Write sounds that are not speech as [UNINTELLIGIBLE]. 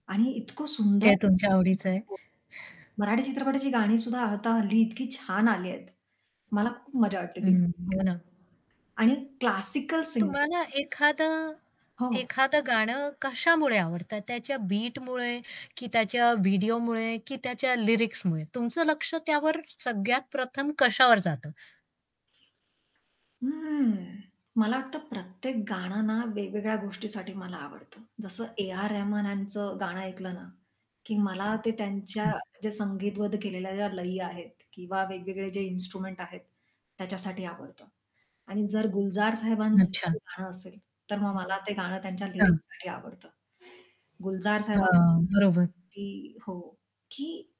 आणि इतकं सुंदर ते तुमच्या आवडीचं आहे. हो. मराठी चित्रपटाची गाणी सुद्धा आता हल्ली इतकी छान आली आहेत. मला खूप मज्जा वाटते ती हं, [UNINTELLIGIBLE] हो ना. आणि क्लासिकल सिंगिंग तुम्हाला एखादं हो, हो. एखादं गाणं कशामुळे आवडतं त्याच्या बीटमुळे, की त्याच्या व्हिडिओमुळे की त्याच्या लिरिक्समुळे तुमचं लक्ष त्यावर सगळ्यात प्रथम कशावर जातं? हं. मला वाटतं प्रत्येक गाणं ना, वेगवेगळ्या गोष्टीसाठी मला आवडतं. जसं ए. आर. रेहमान यांचं गाणं ऐकलं ना, की मला ते त्यांच्या जे [UNINTELLIGIBLE] संगीतबध केलेल्या ज्या लयी आहेत किंवा वेगवेगळे जे इन्स्ट्रुमेंट आहेत त्याच्यासाठी आवडतं. आणि जर गुलजार साहेबांचं एखाद अच्छा. गाणं असेल तर मग मला [UNINTELLIGIBLE] ते गाणं त्यांच्या हां. लिरिक्ससाठी आवडतं. गुलजार साहेबां हां, हां. बरोबर. [UNINTELLIGIBLE] की हो, की